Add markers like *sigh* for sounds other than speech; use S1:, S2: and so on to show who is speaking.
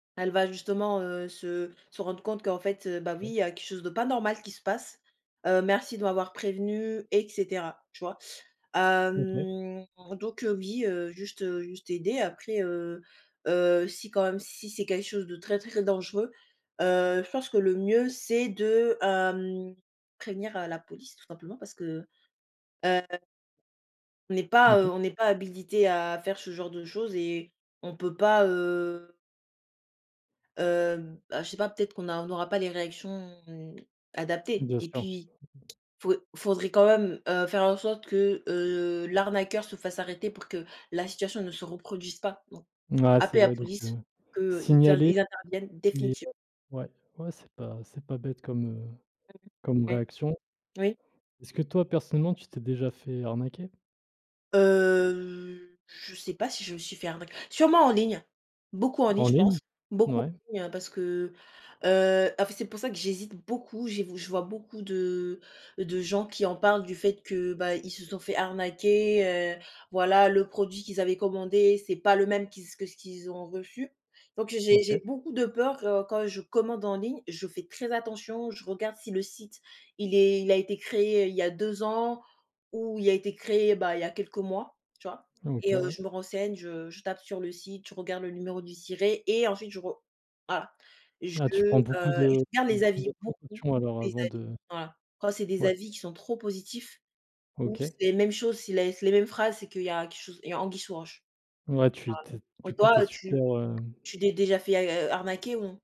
S1: Elle va justement, heu, se se rendre compte qu'en fait, bah oui, il
S2: *unintelligible*
S1: y a quelque chose de pas normal qui se passe, heu, merci de m'avoir prévenu et cetera, tu vois?
S2: OK.
S1: Hem, donc heu, oui, heu, juste juste aider. Après, heu heu, si quand même si c'est quelque chose de très, très dangereux, heu, je pense que le mieux, c'est de, hem, prévenir, heu, la police tout simplement parce que, heu on n'est pas, heu,
S2: OK.
S1: on n'est pas habilité à faire ce genre de choses et on peut pas, heu hem, bah je sais pas, peut-être qu'on a on aura pas les réactions adaptées
S2: Bien
S1: et
S2: sûr.
S1: puis faut faudrait quand même, heu, faire en sorte que, heu, l'arnaqueur se fasse arrêter pour que la situation ne se reproduise pas. Donc
S2: Ouais c'est
S1: appeler la
S2: vrai, donc
S1: police
S2: heu,
S1: pour qu'eux, ils int
S2: signaler,
S1: ils interviennent
S2: mais,
S1: définitive
S2: heu, ouais. Ouais c'est pas c'est pas bête comme, heu,
S1: *unintelligible*
S2: comme
S1: Ouais.
S2: réaction.
S1: Oui.
S2: Est-ce que toi personnellement tu t'es déjà fait arnaquer?
S1: Heu, je sais pas si je me suis fait arnaqu sûrement en ligne. Beaucoup en ligne
S2: En
S1: je pense,
S2: ligne?
S1: beaucoup en
S2: Ouais.
S1: ligne parce que, heu, en fait c'est pour ça que j'hésite beaucoup, je vi je vois beaucoup de de gens qui en parlent du fait que, bah, ils se sont fait arnaquer, heu, voilà le produit qu'ils avaient commandé, c'est pas le même qu'ils que ce qu'ils ont reçu. Donc j'ai
S2: OK.
S1: j'ai beaucoup de peur quand je commande en ligne, je fais très attention, je regarde si le site il est il a été créé il y a 2 ans ou il a été créé, bah, il y a quelques mois, tu vois et
S2: OK,
S1: heu,
S2: ouais.
S1: je me renseigne, je je tape sur le site, je regarde le numéro du SIRET et ensuite je ro voilà. Je,
S2: Ah, tu
S1: heu,
S2: prends beaucoup
S1: je
S2: de
S1: regarde
S2: beaucoup
S1: les avis
S2: de
S1: beaucoup,
S2: précaution alors
S1: les
S2: avant
S1: avis,
S2: de
S1: voilà quand c'est des
S2: ouais.
S1: avis qui sont trop positifs ou
S2: OK.
S1: c'est les mêmes choses, s'ils laissent les mêmes phrases, c'est qu'il y a quelque chose, il y a anguille sous roche
S2: Ouais tu tu es,
S1: et ta
S2: du
S1: et
S2: coup tu es
S1: toi
S2: super,
S1: tu
S2: heu
S1: tu t'es déjà fait a a arnaquer ou non?